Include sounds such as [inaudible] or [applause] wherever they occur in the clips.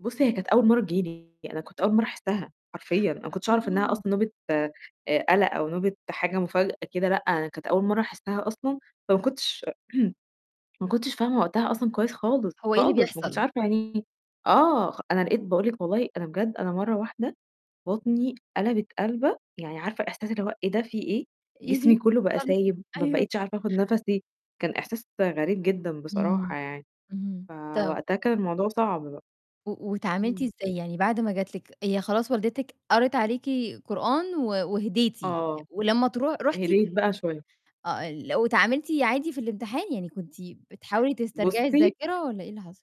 بُصّ هي كانت أول مَرّة تيجي لي أنا كنت أول مَرّة أحسّها حرفيًا، أنا ما كنتش أعرف إنّها أصلًا آه. نوبة آآ قَلق أو نوبة حاجة مفاجأة كده. لأ، أنا كانت أول مَرّة أحسّها أصلًا، فما كنتش [clears throat] ما كنتش فاهمة وقتها أصلًا كويس خالص، هو إيه اللي خالص ما كنتش بيحصل؟ عارفة يعني إيه، آه، خ أنا لقيت باقول لِك والله أنا بجد أنا مَرّة واحدة بطني قلَبَت قلَبَه، يعني عارفة إحساس اللي هو إيه ده في إيه، جسمي كلّه بقى [unintelligible] سايب ما أيوه. بقيتش عارفة آخُد نَفَسي، كان إحساس غريب جدًا بصراحة إمم، يعني، إمم، طَب فوقتها كان الموضوع صعب بقى. و وأتعاملتي إمم. إزاي، يعني بعد ما جات لِك هي خلاص والدتِك قريت عليكِ قرآن و وهديتِ، آه. ولمّا تروح رُحتِ هيديت بقى شوية. آه، ال واتعاملتِ عادي في الإمتحان؟ يعني كنتِ بتحاولي تسترجعي بُصّي الذاكرة والّا إيه اللي حصل؟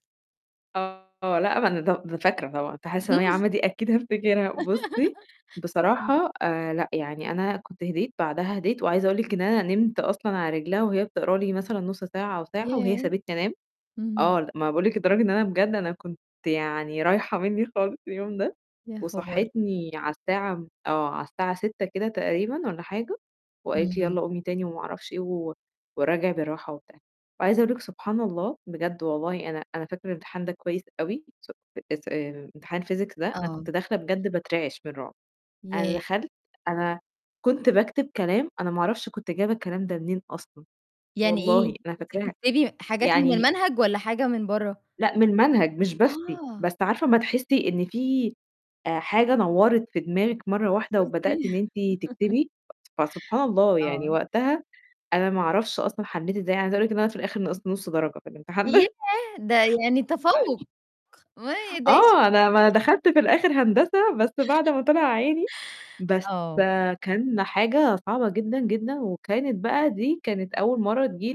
آه، لأ، ما أنا دو د فاكرة طبعًا إمتحانات ثانوية عامة دي أكيد هافتكرها، بُصّي، [laughs] امم. بصراحة آآ لأ، يعني أنا كنت هديت، بعدها هديت وعايزة أقول لِك إن أنا نمت أصلًا على رجلها وهي بتقرا لي مثلًا نُص ساعة أو ساعة وهي ياه! سابتني أنام. إمم. آه، لأ، ما أنا باقول لِك لدرجة إن أنا بجد أنا كنت يعني رايحة منّي خالص اليوم ده، يا خبر! وصحّتني على الساعة م آه، على الساعة 06:00 كده تقريبًا والّا حاجة وقالت لي: إمم. "يالّا قومي تاني" وما أعرفش إيه و وأراجِع بالراحة وبتاع، عايزة أقول لِك سبحان الله بجد والله أنا أنا فاكرة الإمتحان ده كويس أوي س أس آآ إمتحان الphysics ده أنا آه. كنت داخلة بجد باترعِش من الرُعب، أنا ياه! دخلت أنا كنت باكتب كلام أنا ما أعرفش كنت جايبة الكلام ده منين أصلًا، يعني إيه؟ والله أنا كنتِ فاكراها، بتكتبي حاجات من يعني المنهج والّا حاجة من برّه؟ لأ، من المنهج مش بافتي، آه. بس عارفة أمّا تحسّي إن في آآ حاجة نوّرت في دماغِك مَرّة واحدة شوفتي وبدأتِ إن أنتِ [laughs] تكتبي، فسبحان الله يعني آه. وقتها أنا ما أعرفش أصلًا حلّيت إزاي، أنا عايزة أقول لِك إن أنا في الآخِر نقصت نُص درجة في الإمتحان ياه! ده. ده يعني أي تفوّق ما ي ده إيه آه، الشطارة أنا ما دخلت في دي. [laughs] الآخِر هندسة بس بعد ما طلع عيني، بس آه. كان حاجة صعبة جدًا، جدًا وكانت بقى دي كانت أول مَرّة تيجي لي